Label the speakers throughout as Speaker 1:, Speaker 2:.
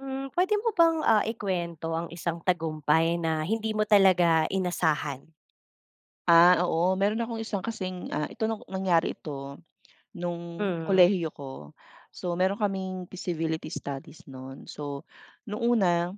Speaker 1: Hmm pwede mo bang ah, ikwento ang isang tagumpay na hindi mo talaga inasahan?
Speaker 2: Ah oo meron akong isang kasing ah, ito nangyari ito nung
Speaker 1: Mm.
Speaker 2: kolehiyo ko. So meron kaming feasibility studies nun. So nung una,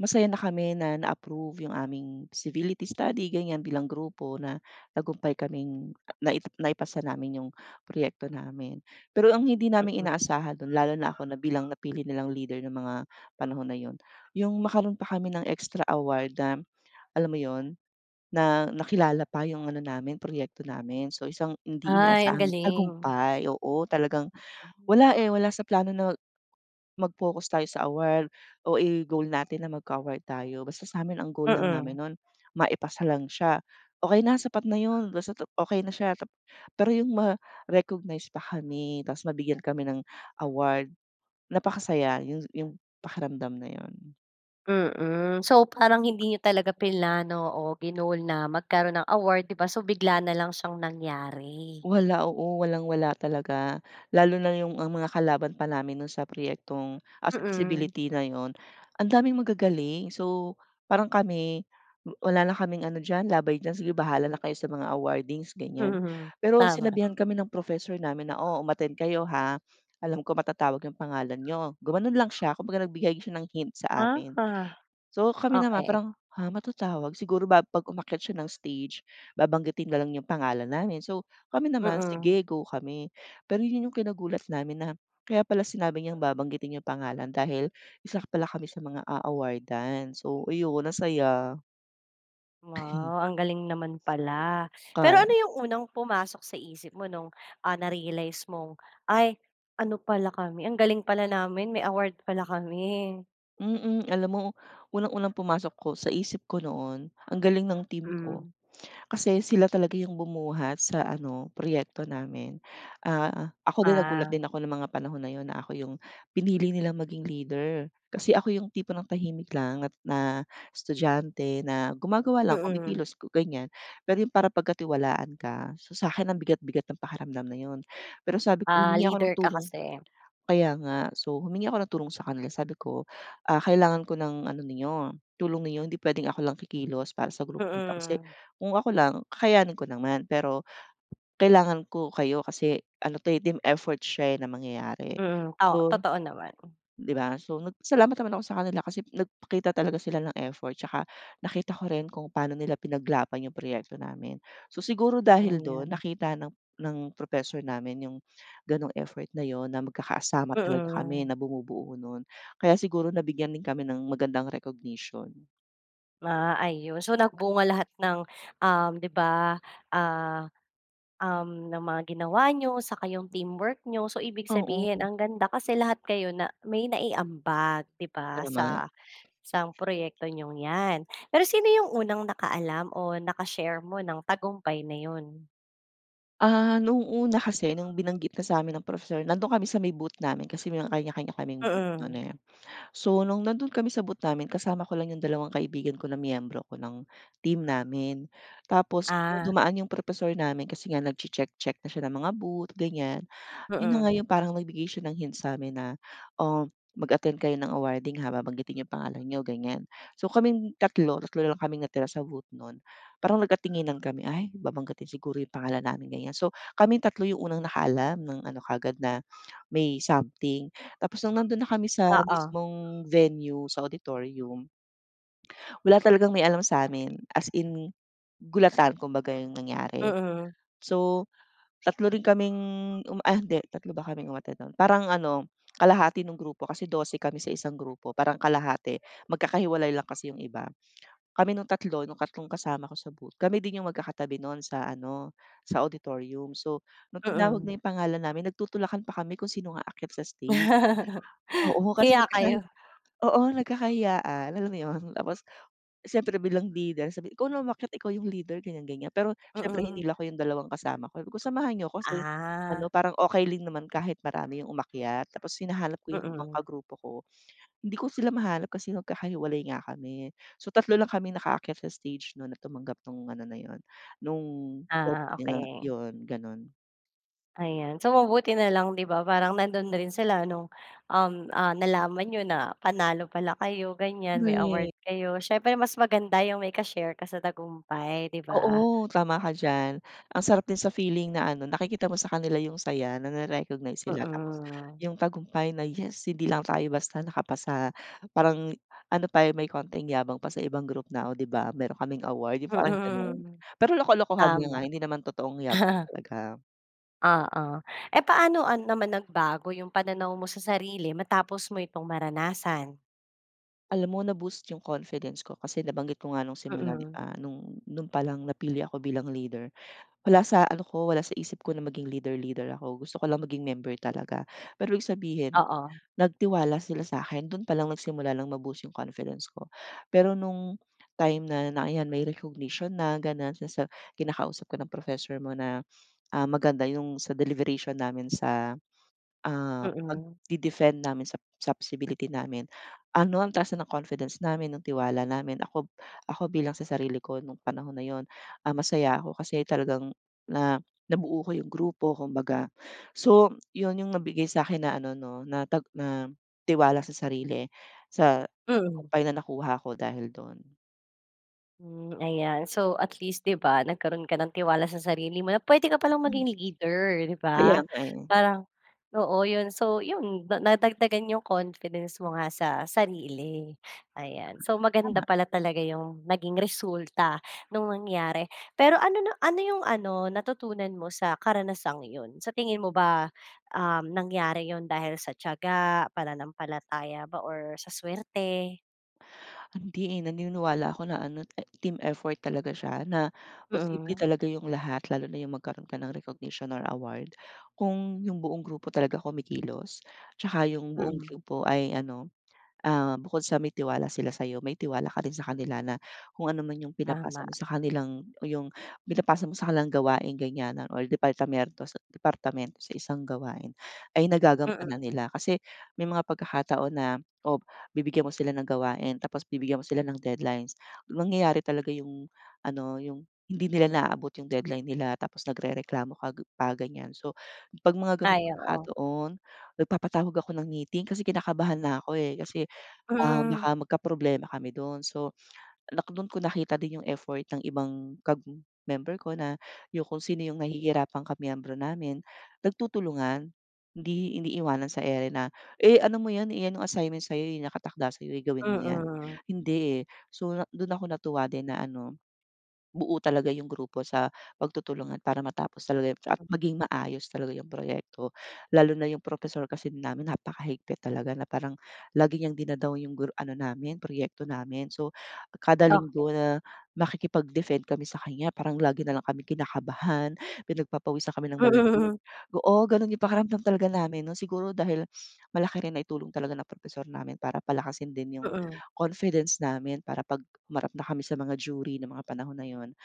Speaker 2: masaya na kami na na-approve yung aming feasibility study ganyan bilang grupo na tagumpay kaming nai naipasa namin yung proyekto namin. Pero ang hindi namin
Speaker 1: Mm.
Speaker 2: inaasahan dun lalo na ako na bilang napili nilang leader ng mga panahon na yun yung magkaroon pa kami ng extra award na alam mo yun? Na nakilala pa yung ano namin proyekto namin. So isang hindi
Speaker 1: Ay ang
Speaker 2: inaasahan
Speaker 1: galing.
Speaker 2: tagumpay oo talagang,
Speaker 1: Mm.
Speaker 2: wala eh, wala sa plano na mag-focus tayo sa award o i goal natin na magka-award tayo basta sa amin ang goal lang
Speaker 1: Mm.
Speaker 2: namin nun, maipasa lang siya okey na sapat na yun basta't okey na siya. Pero yung ma-recognize pa kami tapos mabigyan kami ng award napakasaya yung yung pakiramdam na yun.
Speaker 1: Mm. So, parang hindi niyo talaga plinano o ginoal na magkaroon ng award 'di ba. So, bigla na lang siyang nangyari.
Speaker 2: Wala, oo, walang-wala talaga. Lalo na 'yong ang mga kalaban pa namin no'n sa proyektong ah, sa
Speaker 1: Mm.
Speaker 2: feasibility na 'yon, andaming magagaling. So, parang kami, wa wala na kaming ano diyan, laban diyan, sige bahala na kayo sa mga awardings, ganyan.
Speaker 1: Mhm.
Speaker 2: Pero,
Speaker 1: Tama.
Speaker 2: sinabihan kami ng professor namin na, "O, umattend kayo, ha. Alam ko matatawag 'yong pangalan n'yo." Gumanon lang siya kumbaga nagbigay siya ng hint sa
Speaker 1: Aha.
Speaker 2: amin. So, kami naman
Speaker 1: Okay.
Speaker 2: parang, "Ha? Matatawag?" Siguro ba 'pag umakyat siya ng stage babanggitin na lang 'yong pangalan namin. So, kami naman
Speaker 1: Mm.
Speaker 2: sige go kami, pero 'yon 'yong kinagulat namin na, kaya pala sinabi niyang babanggitin 'yong pangalan dahil isa pala kami sa mga a-a-awardan. So, ayun, ang saya.
Speaker 1: Wow! Ang galing naman pala. Pero
Speaker 2: Kayan
Speaker 1: ano 'yong unang pumasok sa isip mo no'ng, ah, na-realize mong, "Ay! Ano pala kami ang galing pala namin may award pala kami."
Speaker 2: Mm. Alam mo, unang-unang pumasok ko sa isip ko noon, ang galing ng team ko.
Speaker 1: Hmm.
Speaker 2: Kasi sila talaga 'yong bumuhat sa ano, proyekto namin, ah, ah, ako din nagulat
Speaker 1: Ah.
Speaker 2: din ako ng mga panahon na 'yon na ako 'yong pinili nilang maging leader. Kasi ako 'yong tipo ng tahimik lang at na estudyante na gumagawa lang
Speaker 1: Mm.
Speaker 2: kumikilos ku ganyan. Pero 'yong para pagkatiwalaan ka, so, sa'kin ang bigat-bigat ng pakiramdam na 'yon. Pero sabi ko
Speaker 1: Ah,
Speaker 2: humingi ako ng
Speaker 1: leader ka
Speaker 2: tulong
Speaker 1: kasi.
Speaker 2: kaya nga. So, humingi ako ng tulong sa kanila sabi ko, "Ah, kailangan ko ng ano ninyo tulong ninyo hindi puwedeng ako lang kikilos para sa grupo na 'to, kasi
Speaker 1: Mm.
Speaker 2: kung ako lang, kakayanin ko naman. Pero kailangan ko kayo kasi ano 'to, eh, team effort siya, eh, na mangyayari."
Speaker 1: Mm, o
Speaker 2: So
Speaker 1: Totoo naman.
Speaker 2: 'di ba, so, nagpasalamat naman ako sa kanila kasi nagpakita talaga sila ng effort, 'tsaka nakita ko rin kung pa'no nila pinaglaban 'yong proyekto namin. So, siguro dahil do'n
Speaker 1: Ayan.
Speaker 2: nakita ng ng professor namin 'yong gano'ng effort na 'yon na magkakasama talaga kami
Speaker 1: Mm.
Speaker 2: na bumubuo no'n. Kaya siguro nabigyan din kami ng magandang recognition.
Speaker 1: Ah, ayun, so, nagbunga lahat ng, uhm, di ba, ah, uhm, ng mga ginawa niyo, saka yung teamwork niyo. So, ibig sabihin
Speaker 2: Oo.
Speaker 1: ang ganda kasi lahat kayo na may naiambag, di ba?
Speaker 2: Tama.
Speaker 1: Sa isang proyekto niyong yan. Pero sino yung unang nakaalam o naka-share mo ng tagumpay na yun?
Speaker 2: Ah, noong una kasi nung binanggit na sa'min ng professor nandoon kami sa may booth namin kasi may kanya-kanya kaming booth nun,
Speaker 1: Mm.
Speaker 2: eh. So, nung nandoon kami sa booth namin kasama ko lang yung dalawang kaibigan ko na miyembro ko ng team namin. Tapos
Speaker 1: Ah.
Speaker 2: dumaan yung professor namin kasi nga nagche-check-check na siya ng mga booth ganiyan. Yun na nga
Speaker 1: Mm.
Speaker 2: yung parang nagbigay siya ng hint sa'min na "Oh, mag-attend kayo ng awarding, ha, babanggitin yung pangalan niyo." Ganiyan. So kaming tatlo tatlo na lang kaming natira sa booth nun parang nagkatinginan kami, "Ay, babanggitin siguro yung pangalan namin ganiyan." So, kaming 3 yung unang nakaalam ng ano kaagad na may something. Tapos nung nandun na kami sa
Speaker 1: Oo.
Speaker 2: mismong venue sa auditorium wala talagang may alam sa'min, as in, gulatan kumbaga yung nangyari.
Speaker 1: Mm.
Speaker 2: So, 3 rin kaming uma ah, hindi 3 ba kaming umattend nun, parang ano, kalahati nung grupo kasi 12 kami sa isang grupo parang kalahati magkakahiwalay lang kasi yung iba. Kami nung tatlo, nung tatlong kasama ko sa booth, kami din yung magkakatabi nun sa ano, sa auditorium. So, nung tinawag na
Speaker 1: Mm.
Speaker 2: yung pangalan namin nagtutulakan pa kami kung sinong aakyat sa stage. Oo, kasi
Speaker 1: Nahiya
Speaker 2: nagkakahi
Speaker 1: kayo.
Speaker 2: oo, nagkakahiyaan, alam mo yun? Tapos, siyempre bilang leader sabi ikaw na umakyat, ikaw yung leader ganiyan, ganiyan. Pero siyempre
Speaker 1: Mm.
Speaker 2: hinila ko yung dalawang kasama ko, sabi ko," Samahan niyo ko kasi" ano
Speaker 1: Ah.
Speaker 2: parang okey lang naman kahit marami yung umakyat tapos hinahanap ko yung ibang
Speaker 1: Mm.
Speaker 2: kagrupo ko, hindi ko sila mahanap kasi magkakahiwalay nga kami, so 3 lang kaming nakaakyat sa stage nun na tumanggap nung ano na yun, nung
Speaker 1: Ah,
Speaker 2: trophy nga
Speaker 1: okey.
Speaker 2: yun ganun.
Speaker 1: Ayan. So, mabuti na lang di ba parang nandun rin sila nung, uhm, ah, nalaman niyo na panalo pala kayo ganyan, may
Speaker 2: Korek.
Speaker 1: award kayo. Siyempre mas maganda yung may ka-share ka sa tagumpay di ba?
Speaker 2: Oo, tama ka diyan. Ang sarap din sa feeling na ano nakikita mo sa kanila yung saya nare-recognize sila tapos,
Speaker 1: Mhm.
Speaker 2: yung tagumpay na "Yes hindi lang tayo basta nakapasa". Parang ano pa may konting yabang pa sa ibang group na o di ba meron kaming award, yung parang ganun.
Speaker 1: Mhm,
Speaker 2: Pero, loko-lokohan lang
Speaker 1: tama.
Speaker 2: ah hindi naman totoong yabang talaga.
Speaker 1: Oo. Eh, paano an naman nagbago yung pananaw mo sa sarili matapos mo itong maranasan?
Speaker 2: Alam mo, na-boost yung confidence ko. Kasi nabanggit ko nga nung simula di
Speaker 1: Mhm.
Speaker 2: ba nung nun palang napili ako bilang leader, wala sa ano ko wala sa isip ko na maging leader leader ako. Gusto ko lang maging member talaga pero, ibig sabihin
Speaker 1: Oo.
Speaker 2: nagtiwala sila sakin dun pa lang nagsimula ng ma-boost yung confidence ko. Pero nung time na ng yan may recognition na ganun sinasa kinakausap ka ng professor mo na, ah, maganda yung sa deliberation namin sa, ah,
Speaker 1: Mhm.
Speaker 2: pagde defend namin sa sa feasibility namin. Ano ang taas ng confidence namin, ng tiwala namin. Ako ako bilang sa sarili ko nung panahon na yun, ah, masaya ako kasi talagang na nabuo ko yung grupo kumbaga. So, yun yung nabigay sa akin na ano no, na tag na tiwala sa sarili sa
Speaker 1: Mhm.
Speaker 2: tagumpay na nakuha ko dahil dun.
Speaker 1: Hmm, ayan so at least di ba nagkaroon ka ng tiwala sa sarili mo na pwede ka palang maging leader di
Speaker 2: Kaya
Speaker 1: ba?
Speaker 2: nga eh.
Speaker 1: Parang oo yun so yun nadagdagan yung confidence mo nga sa sarili. Ayan so maganda
Speaker 2: Tama.
Speaker 1: pala talaga yung naging resulta nung nangyari. Pero ano na ano yung ano natutunan mo sa karanasang yun? Sa tingin mo ba um nangyari yun dahil sa tiyaga, pananampalataya ba, or sa swerte?
Speaker 2: Hindi eh, naniniwala ako na ano team effort talaga siya na posible
Speaker 1: Mm.
Speaker 2: talaga yung lahat lalo na yung magkaroon ka ng recognition or award. Kung yung buong grupo talaga kumikilos, tsaka yung buong
Speaker 1: Mm.
Speaker 2: grupo ay ano ah, bukod sa may tiwala sila sa'yo, may tiwala ka din sa kanila na kung anuman yung pinapasa
Speaker 1: Tama.
Speaker 2: mo sa kanilang, o yung pinapasa mo sa kanilang gawain ganyan, o departamiento departamento sa isang gawain. Ay
Speaker 1: Mm.
Speaker 2: nagagampanan nila. Kasi may mga pagkakataon na o bibigyan mo sila ng gawain tapos bibigyan mo sila ng deadlines, nangyayari talaga yung ano yung hindi nila naaabot yung deadline nila tapos nagrereklamo ka pa ganyan. So pag mga ganun
Speaker 1: Ay, oo.
Speaker 2: pagkakataon nagpapatawag ako ng meeting kasi kinakabahan na ako eh. Kasi ah,
Speaker 1: Mm.
Speaker 2: baka magkaproblema kami dun. So dun ko nakita din yung effort ng ibang kag member ko na yung kung sino yung nahihirapang ka miyembro namin nagtutulungan. Hindi iniiwanan sa ere na eh ano mo yan yan yung assignment sa'yo nakatakda sa'yo gawin yan.
Speaker 1: Mm.
Speaker 2: Hindi eh so dun ako natuwa din na ano, buo talaga yung grupo sa pagtutulungan para matapos talaga at maging maayos talaga yung proyekto lalo na yung propesor kasi namin napakahigpit talaga na parang lagi niyang dina-down yung ano namin proyekto namin. So kada
Speaker 1: Okey.
Speaker 2: Linggo na makikipag-defend kami sakanya parang lagi nalang kaming kinakabahan, pinagpapawisan kami ng malamig,
Speaker 1: Mm.
Speaker 2: oo ganun yung pakiramdam talaga namin nun siguro dahil malaki rin naitulong talaga ng propesor namin para palakasin din yung
Speaker 1: Mm.
Speaker 2: confidence namin para pag humarap na kami sa mga jury ng mga panahon na yun.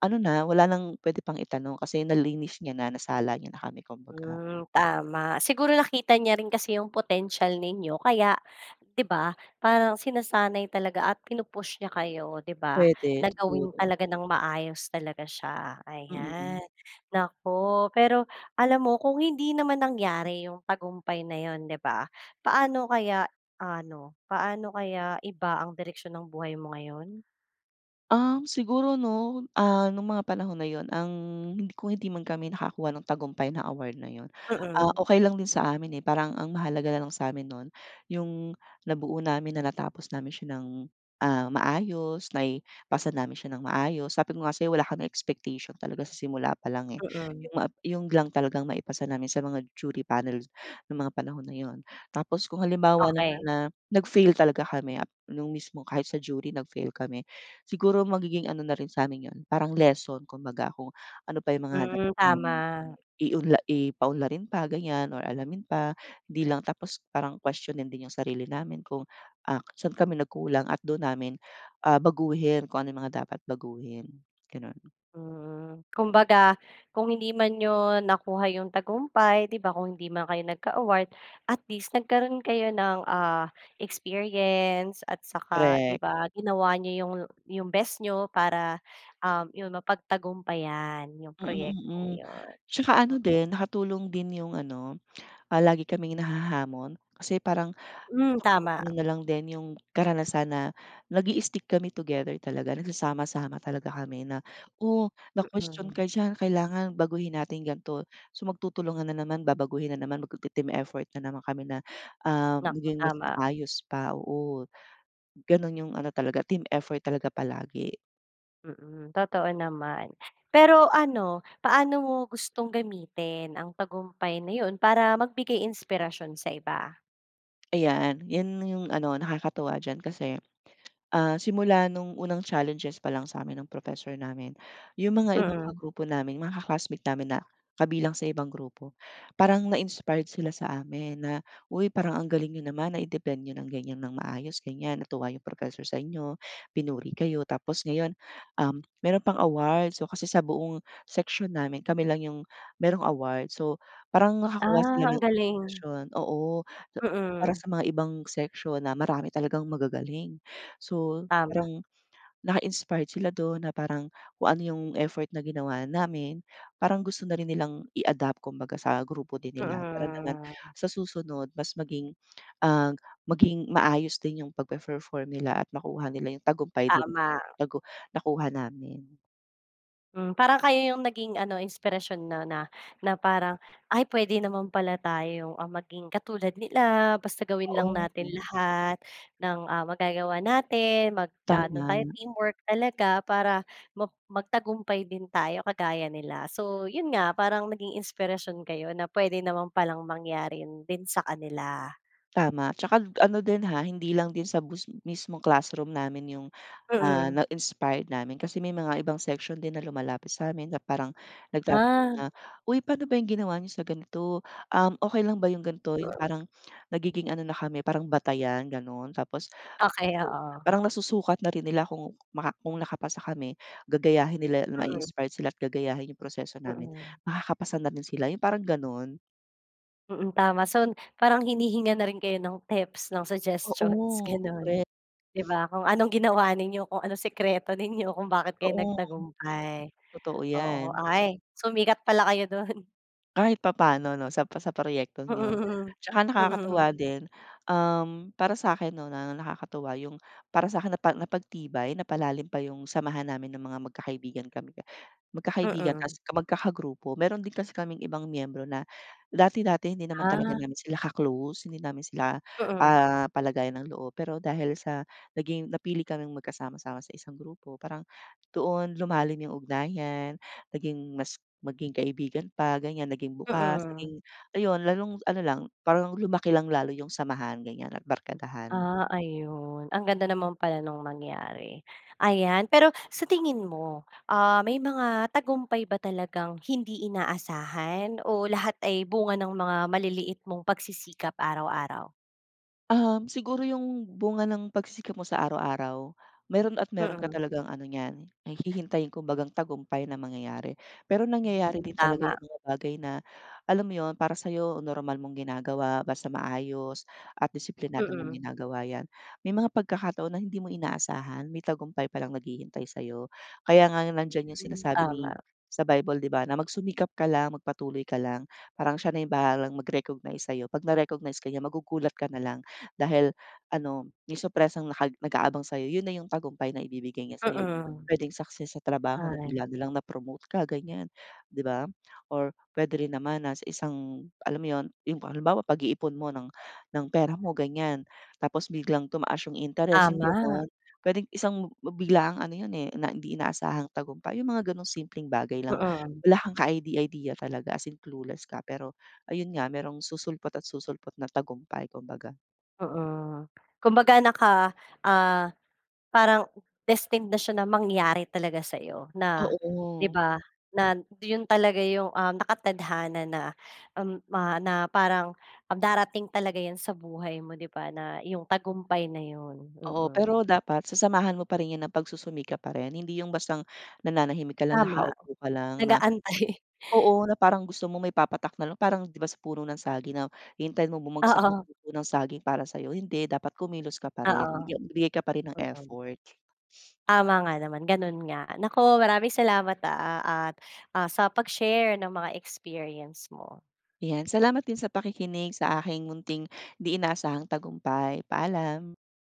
Speaker 2: Ano na wala nang pwede pang itanong kasi nalinis na niya na nasala niya na kami kumbaga.
Speaker 1: Hmm, tama. Siguro nakita niya rin kasi yung potensiyal ninyo kaya di ba parang sinasanay talaga at pinu-push niya kayo di ba?
Speaker 2: Pwede
Speaker 1: Na gawin
Speaker 2: siguro.
Speaker 1: talaga ng maayos talaga siya. Ayan
Speaker 2: Mm.
Speaker 1: naku. Pero alam mo kung hindi naman nangyari yung tagumpay na yun di ba paano kaya ano, paano kaya iba ang direksiyon ng buhay mo ngayon?
Speaker 2: Um siguro no ah nung mga panahon na yun ang hindi kung hindi man kami nakakuha ng tagumpay na award na yun ah,
Speaker 1: Mm.
Speaker 2: okey lang din sa amin eh. Parang ang mahalaga nalang sa amin nun yung nabuo namin na natapos namin siya ng ah, maayos, naipasa namin siya ng maayos. Sabi ko nga sa'yo wala kaming expectation talaga sa simula pa lang eh.
Speaker 1: Mm.
Speaker 2: Yung yun lang talagang maipasa namin sa mga jury panel ng mga panahon na yun. Tapos kung halimbawa naman
Speaker 1: Okey.
Speaker 2: na nag-fail talaga kami nung mismong kahit sa jury nag-fail kami. Siguro magiging ano na rin sa amin yun parang lesson kumbaga kung ano pa yung mga
Speaker 1: Mm
Speaker 2: kailangang
Speaker 1: tama.
Speaker 2: iunla i paunlarin pa ganyan or alamin pa hindi lang tapos parang kwestyunin din yung sarili namin kung ah, saan kami nagkulang at dun namin ah, baguhin kung ano mga dapat baguhin ganun.
Speaker 1: Mm, kumbaga kung hindi man niyo nakuha yung tagumpay di ba, kung hindi man kayo nagka-award. At least nagkaroon kayo ng ah, experience, at saka di
Speaker 2: Korek.
Speaker 1: ba ginawa niyo yung yung best niyo para um yun mapagtagumpayan yung
Speaker 2: Mm,
Speaker 1: proyektong
Speaker 2: mm.
Speaker 1: yun
Speaker 2: Tsaka ano
Speaker 1: mm.
Speaker 2: din nakatulong din yung ano ah, lagi kaming nahahamon. Kasi parang
Speaker 1: Hmm, tama.
Speaker 2: ano na lang din yung karanasan na nag-i-stick kami together talaga nagsasama-sama talaga kami na o na-kwestyun
Speaker 1: Mm.
Speaker 2: ka diyan kailangan baguhin natin ganto. So magtutulungan na naman, babaguhin na naman, magte-team effort na naman kami na, um,
Speaker 1: Naku,
Speaker 2: maging mas
Speaker 1: tama.
Speaker 2: maayos pa oo ganun yung ano talaga team effort talaga palagi.
Speaker 1: Mm, totoo naman. Pero ano, paano mo gustong gamitin ang tagumpay na yun para magbigay inspirasyon sa iba?
Speaker 2: Ayan, yan yung ano, nakakatuwa diyan. Kasi ah, simula nung unang challenges pa lang sa amin ng professor namin, yung mga ibang
Speaker 1: Mm.
Speaker 2: kagrupo namin, mga ka-classmate namin na kabilang sa ibang grupo, parang na-inspired sila sa amin na, "Uy parang ang galing niyo naman, nai-defend niyo ng ganyan ng maayos ganyan, natuwa yung professor sa inyo, pinuri kayo, tapos ngayon, um, meron pang award." So kasi sa buong section namin, kami lang yung merong award. So, parang nakakuha
Speaker 1: Ah,
Speaker 2: sila
Speaker 1: ang
Speaker 2: ng
Speaker 1: galing.
Speaker 2: inspirasyon. Oo, para
Speaker 1: Mm.
Speaker 2: sa mga ibang section na marami talagang magagaling. So
Speaker 1: Tama.
Speaker 2: parang na-inspired sila dun na parang kung ano yung effort na ginawa namin, parang gusto na rin nilang i-adapt kumbaga sa grupo din nila. Para naman
Speaker 1: Mm.
Speaker 2: sa susunod mas maging, ah, maging maayos din yung pagpe-perform nila at makuha nila yung tagumpay din.
Speaker 1: Tama.
Speaker 2: Tagu nakuha namin.
Speaker 1: Hmm, parang kayo 'yong naging ano inspirasyon 'no, na, na parang, "Ay puwede naman pala tayong, ah, maging katulad nila basta gawin lang
Speaker 2: Oo.
Speaker 1: natin
Speaker 2: Mm.
Speaker 1: lahat ng, ah, magagawa natin mag-aano tayo
Speaker 2: Tama.
Speaker 1: teamwork talaga para mag magtagumpay din tayo kagaya nila." So, 'yon nga parang naging inspirasyon kayo na puwede naman palang mangyari din sa kanila.
Speaker 2: Tama 'tsaka ano din, ha, hindi lang din sa bus mismong classroom namin 'yong, ah,
Speaker 1: Mm.
Speaker 2: na-inspired namin kasi may mga ibang section din na lumalapit sa amin na parang nagtatanong
Speaker 1: Ah.
Speaker 2: na, "uy paano ba 'yong ginawa n'yo sa ganito, um, okey lang ba 'yong ganito 'yong parang nagiging ano na kami parang batayan gano'n. Tapos,
Speaker 1: Okey, oo.
Speaker 2: parang nasusukat na rin nila kung maka kung nakapasa kami gagayahin nila
Speaker 1: Mm.
Speaker 2: ma-inspired sila at gagayahin 'yong proseso namin,
Speaker 1: Mm.
Speaker 2: makakapasa na rin sila 'yong parang gano'n.
Speaker 1: Mm, tama. So parang hinihingan na rin kayo ng tips ng suggestions
Speaker 2: Oo,
Speaker 1: gano'n.
Speaker 2: korek.
Speaker 1: 'Di ba, kung anong ginawa ninyo, kung anong sikreto ninyo, kung bakit kayo
Speaker 2: Oo,
Speaker 1: nagtagumpay,
Speaker 2: totoo
Speaker 1: oo.
Speaker 2: yan.
Speaker 1: Ay sumikat pala kayo do'n.
Speaker 2: Kahit papaano 'no, sa pro sa proyektong yun
Speaker 1: Mm,
Speaker 2: tsaka
Speaker 1: mm.
Speaker 2: nakakatuwa din, um, para sa'kin 'no na nakakatuwa yung para sa'kin napa napagtibay, napalalim pa yung samahan namin ng mga magkakaibigan kami magkakaibigan
Speaker 1: Mm.
Speaker 2: tpoas magkakagrupo. Meron din kasi kaming ibang miyembro na dati-dati hindi naman talaga
Speaker 1: Ah.
Speaker 2: namin sila ka-close, hindi namin sila,
Speaker 1: Mm.
Speaker 2: ah, kapalagayan ng loob. Pero dahil sa naging napili kaming magkasama-sama sa isang grupo parang doon lumalim 'yong ugnayan, naging mas maging kaibigan pa, ganyan. Naging bukas,
Speaker 1: Mm.
Speaker 2: naging ayun, lalong ano lang, parang lumaki lang lalo 'yong samahan, ganyan at barkadahan.
Speaker 1: Ah, ayun. Ang ganda naman pala nung nangyari, ayan. Pero sa tingin mo, ah, may mga tagumpay ba talagang hindi inaasahan o lahat ay bunga ng mga maliliit mong pagsisikap araw-araw?
Speaker 2: Uhm, siguro yung bunga ng pagsisikap mo sa araw-araw, meron at meron ka
Speaker 1: Mm.
Speaker 2: talagang ano niyan, hihintayin kumbagang tagumpay na mangyayari. Pero nangyayari
Speaker 1: Hmm,
Speaker 2: din talaga
Speaker 1: tama.
Speaker 2: yung mga bagay na alam mo 'yon, para sa'yo normal mong ginagawa, basta maayos at disiplinado mong
Speaker 1: Mm.
Speaker 2: ginagawa 'yan, may mga pagkakataon na hindi mo inaasahan, may tagumpay pa lang naghihintay sa'yo. Kaya nga nandiyan 'yong
Speaker 1: Hmm.
Speaker 2: sinasabi ni
Speaker 1: Tama.
Speaker 2: sa Bible, 'di ba, na magsumikap ka lang, magpatuloy ka lang. Parang siya na yung bahalang mag-recognize sa'yo. 'Pag na-recognize ka niya, magugulat ka na lang dahil ano, yung surpresang naka nag-aabang sa'yo, 'yon na 'yong tagumpay na ibibigay niya sa'yo.
Speaker 1: Mm.
Speaker 2: Puwedeng success sa trabaho na
Speaker 1: Ay.
Speaker 2: bigla na lang na-promote ka, ganyan, 'di ba? Or puwede rin naman nasa isang alam mo 'yon, 'yong halimbawa, pag-iipon mo ng ng pera mo, ganyan tapos biglang tumaas 'yong interest, 'yong
Speaker 1: Tama.
Speaker 2: gano'n. Puwedeng isang bi biglaang ano 'yon, eh, na hindi inaasahang tagumpay, 'yong mga gano'ng simpleng bagay lang.
Speaker 1: Mm.
Speaker 2: Wala kang kaide-idea talaga, as in clueless ka, pero ayun nga, merong susulpot at susulpot na tagumpay, kumbaga.
Speaker 1: Mm. Kumbaga, naka, ah, parang destined na siya na mangyari talaga sa'yo na, 'di
Speaker 2: Oo.
Speaker 1: ba, na 'yon talaga 'yong, um, nakatadhana na na, um, na parang darating talaga 'yan sa buhay mo, 'di ba, na 'yong tagumpay na 'yon,
Speaker 2: Oo,
Speaker 1: mm.
Speaker 2: pero dapat sasamahan mo pa rin yan ng pagsusumikap pa rin. Hindi yung bastang nanahimik ka lang,
Speaker 1: Tama,
Speaker 2: nakaupo ka lang na
Speaker 1: nag-aantay.
Speaker 2: oo, na parang gusto mo may papatak na lang. Parang 'di ba sa puno ng saging na hintayin mo bumagsak yung
Speaker 1: Oo.
Speaker 2: puso ng saging para sa'yo, hindi. Dapat kumilos ka pa rin.
Speaker 1: Oo,
Speaker 2: Bigya bigay ka pa rin ng
Speaker 1: oo.
Speaker 2: effort.
Speaker 1: Tama nga naman, ganun nga. Naku, maraming salamat, ah, at, ah, sa pag-share ng mga experience mo.
Speaker 2: Iyan, salamat din sa pakikinig sa aking munting di inaasahang tagumpay. Paalam.